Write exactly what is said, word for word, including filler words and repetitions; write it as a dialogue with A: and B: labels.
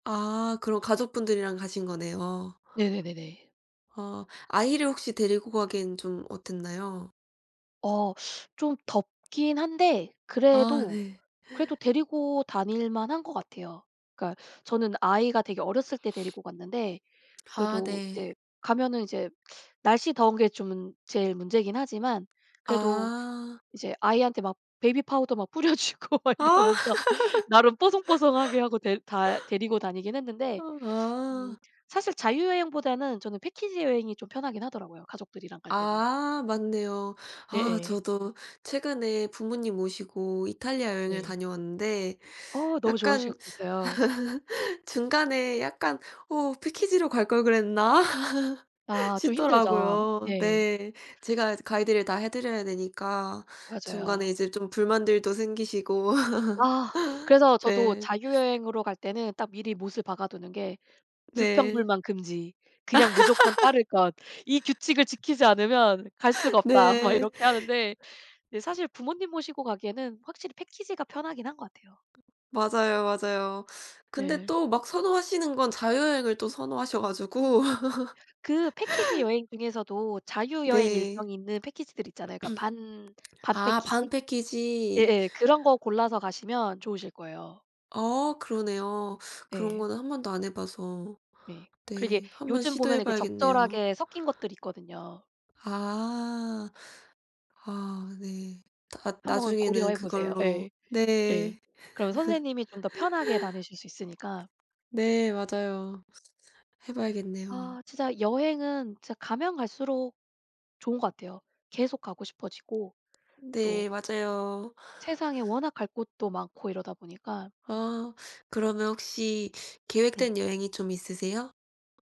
A: 아 그럼 가족분들이랑 가신 거네요.
B: 네네네네.
A: 어. 아이를 혹시 데리고 가기엔 좀 어땠나요?
B: 어. 좀 덥긴 한데
A: 아
B: 그래도,
A: 네.
B: 그래도 데리고 다닐 만한 것 같아요. 그러니까 저는 아이가 되게 어렸을 때 데리고 갔는데
A: 아
B: 그래도
A: 네.
B: 이제 가면은 이제 날씨 더운 게 좀 제일 문제긴 하지만 그래도
A: 아.
B: 이제 아이한테 막 베이비파우더 막 뿌려 주고 막
A: 아.
B: 이러면서 나름 뽀송뽀송하게 하고 데 다 데리고 다니긴
A: 아
B: 했는데
A: 아.
B: 음 사실 자유여행보다는 저는 패키지 여행이 좀 편하긴 하더라고요 가족들이랑 갈 때는.
A: 아 맞네요. 아
B: 예예.
A: 저도 최근에 부모님 모시고 이탈리아 여행을
B: 네.
A: 다녀왔는데
B: 어 너무
A: 약간
B: 좋으셨겠어요.
A: 중간에 약간 '어 패키지로 갈 걸 그랬나?'
B: 아 좀 힘들죠.
A: 싶더라고요.
B: 예.
A: 네. 제가 이제 가이드를 다 해 드려야 되니까 중간에
B: 맞아요.
A: 이제 좀 불만들도 생기시고.
B: 아 그래서 저도
A: 네.
B: 자유여행으로 갈 때는 딱 미리 못을 박아두는 게
A: 네.
B: "불평불만 금지. 그냥 무조건 따를 것. 이 규칙을 지키지 않으면 갈 수가 없다." 막
A: 네.
B: 이렇게 하는데 사실 부모님 모시고 가기에는 확실히 패키지가 편하긴 한 것 같아요.
A: 맞아요, 맞아요. 근데
B: 네.
A: 또 막 선호하시는 건 자유여행을 또 선호하셔 가지고.
B: 그 패키지 여행 중에서도 자유여행
A: 네.
B: 일정이 있는 패키지들 있잖아요. 그러니까 반, 반
A: 아 반
B: 패키지?
A: 패키지.
B: 예예. 그런 거 골라서 가시면 좋으실 거예요.
A: 어 그러네요. 그런
B: 예.
A: 거는 한 번도 안 해 봐서
B: 네. 그러게
A: 네 한번
B: 요즘 보면
A: 시도해
B: 이렇게
A: 봐야겠네요.
B: 적절하게 섞인 것들 있거든요.
A: 아. 아 네. 핫
B: 한번
A: 나중에는
B: 고려해 보세요.
A: 그걸로
B: 예. 예.
A: 네.
B: 그럼 선생님이 좀 더 편하게 다니실 수 있으니까.
A: 네. 맞아요. 해 봐야겠네요.
B: 아 진짜 여행은 진짜 가면 갈수록 좋은 것 같아요. 계속 가고 싶어지고 또
A: 네. 맞아요.
B: 세상에 워낙 갈 곳도 많고 이러다 보니까
A: 아 그러면 혹시
B: 네.
A: 계획된 여행이 좀 있으세요?